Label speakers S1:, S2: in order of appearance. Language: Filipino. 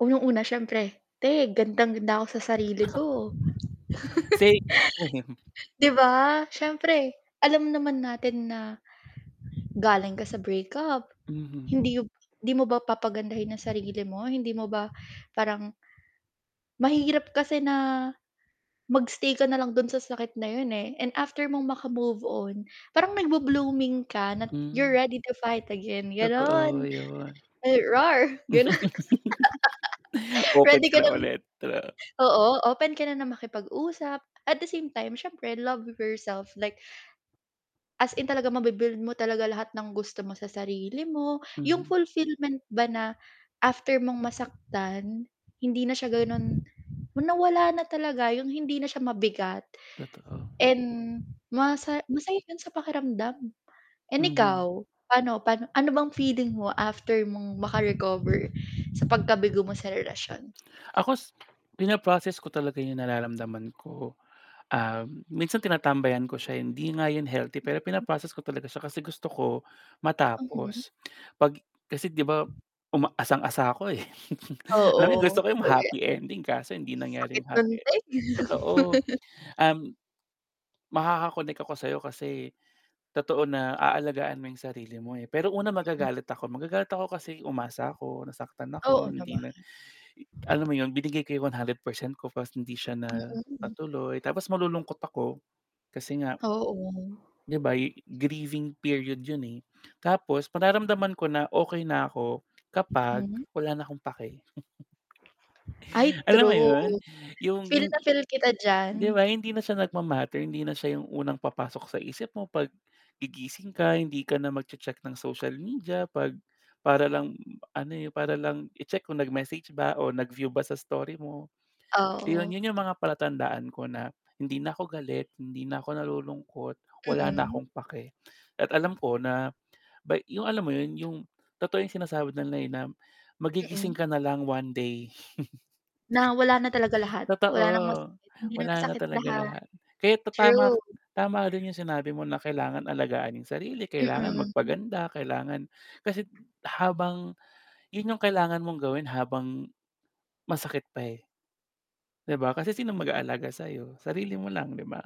S1: Unang-una, siyempre, te, gandang-ganda ako sa sarili ko.
S2: Same to him.
S1: 'Di ba, siyempre alam naman natin na galing ka sa breakup
S2: Mhm.
S1: hindi b 'di mo ba papagandahin ang sarili mo, hindi mo ba parang Mahirap kasi na mag-stay ka na lang do'n sa sakit na 'yon, eh, and after mong maka-move on, parang nagbu-blooming ka na't "You're
S2: Hmm.
S1: ready to fight again," gano'n.
S2: Totoo, 'yon.
S1: "Ay, roar!" gano'n.
S2: Open
S1: Ready
S2: ka
S1: ka
S2: na
S1: ng
S2: ulit, true.
S1: oo, open ka na na makipag usap, at the same time siyempre love yourself like as in talaga mabu-build mo talaga lahat ng gusto mo sa sarili mo, yung
S2: Mhm.
S1: fulfillment ba na after mong masaktan hindi na siya gano'n na wala na talaga, yung hindi na siya mabigat
S2: Totoo.
S1: and masa masaya 'yun sa pakiramdam. And
S2: Mhm.
S1: ikaw, pa'no pa'no ano bang feeling mo after mong maka-recover sa pagkabigo mo sa relasyon?
S2: Ako s pina-process ko talaga yung nararamdaman ko. Ah, minsan tinatambayan ko siya, eh. Hindi nga 'yun healthy pero
S1: Mm.
S2: pina-process ko talaga siya kasi gusto ko,
S1: Mhm.
S2: matapos. 'Pag kasi 'di ba, uma asang-asa ako, eh, alam mo 'yun, gusto
S1: Oo,
S2: ko 'yung
S1: totoo 'yan.
S2: happy ending kaso hindi nangyari
S1: Sakit
S2: yung
S1: no'n
S2: happy e
S1: te.
S2: totoo. Um, makaka-connect ako sa'yo kasi totoo na aalagaan mo yung sarili mo, eh. Pero una,
S1: M
S2: magagalit ako. Magagalit ako kasi umasa ako, nasaktan
S1: Oo
S2: ako, hindi
S1: naman.
S2: na i alam mo 'yon, binigay ko yung 100% ko 'tas hindi siya na
S1: Mm.
S2: natuloy. Tapos malulungkot ako kasi nga
S1: Oo.
S2: 'di ba, yu grieving period 'yun, eh. Tapos 'pag naramdaman ko na okey na ako kapag
S1: Mm.
S2: wala na akong pake.
S1: Ay,
S2: Alam mo 'yon,
S1: true.
S2: yung
S1: Feel
S2: in
S1: na feel kita diyan.
S2: 'di ba, hindi na siya nagma-matter, hindi na siya yung unang papasok sa isip mo 'pag gigising ka, hindi ka na magche-check ng social media 'pag para lang ano, eh, para lang i-check kung nag-message ba o nag-view ba sa story mo. 'Yon,
S1: Oo.
S2: yun yung mga palatandaan ko na hindi na ako galit, hindi na ako nalulungkot, wala na
S1: Mm.
S2: akong pake. At alam ko na by yung alam mo 'yon, yung totoo yung sinasabi nila, eh, na magigising
S1: Mm.
S2: ka na lang one day.
S1: Na wala na talaga lahat,
S2: Totoo.
S1: wala ng masakit, hindi na
S2: Wala na
S1: masakit
S2: talaga
S1: lahat,
S2: lahat. Kaya ta tama k
S1: true.
S2: tama rin yung sinabi mo na kailangan alagaan yung sarili, kailangan
S1: Mm.
S2: magpaganda, kailangan kasi't habang 'yun yung kailangan mong gawin habang, masakit pa, eh. 'Di ba? Kasi sinong mag-aalaga sa'yo, sarili mo lang, 'di ba?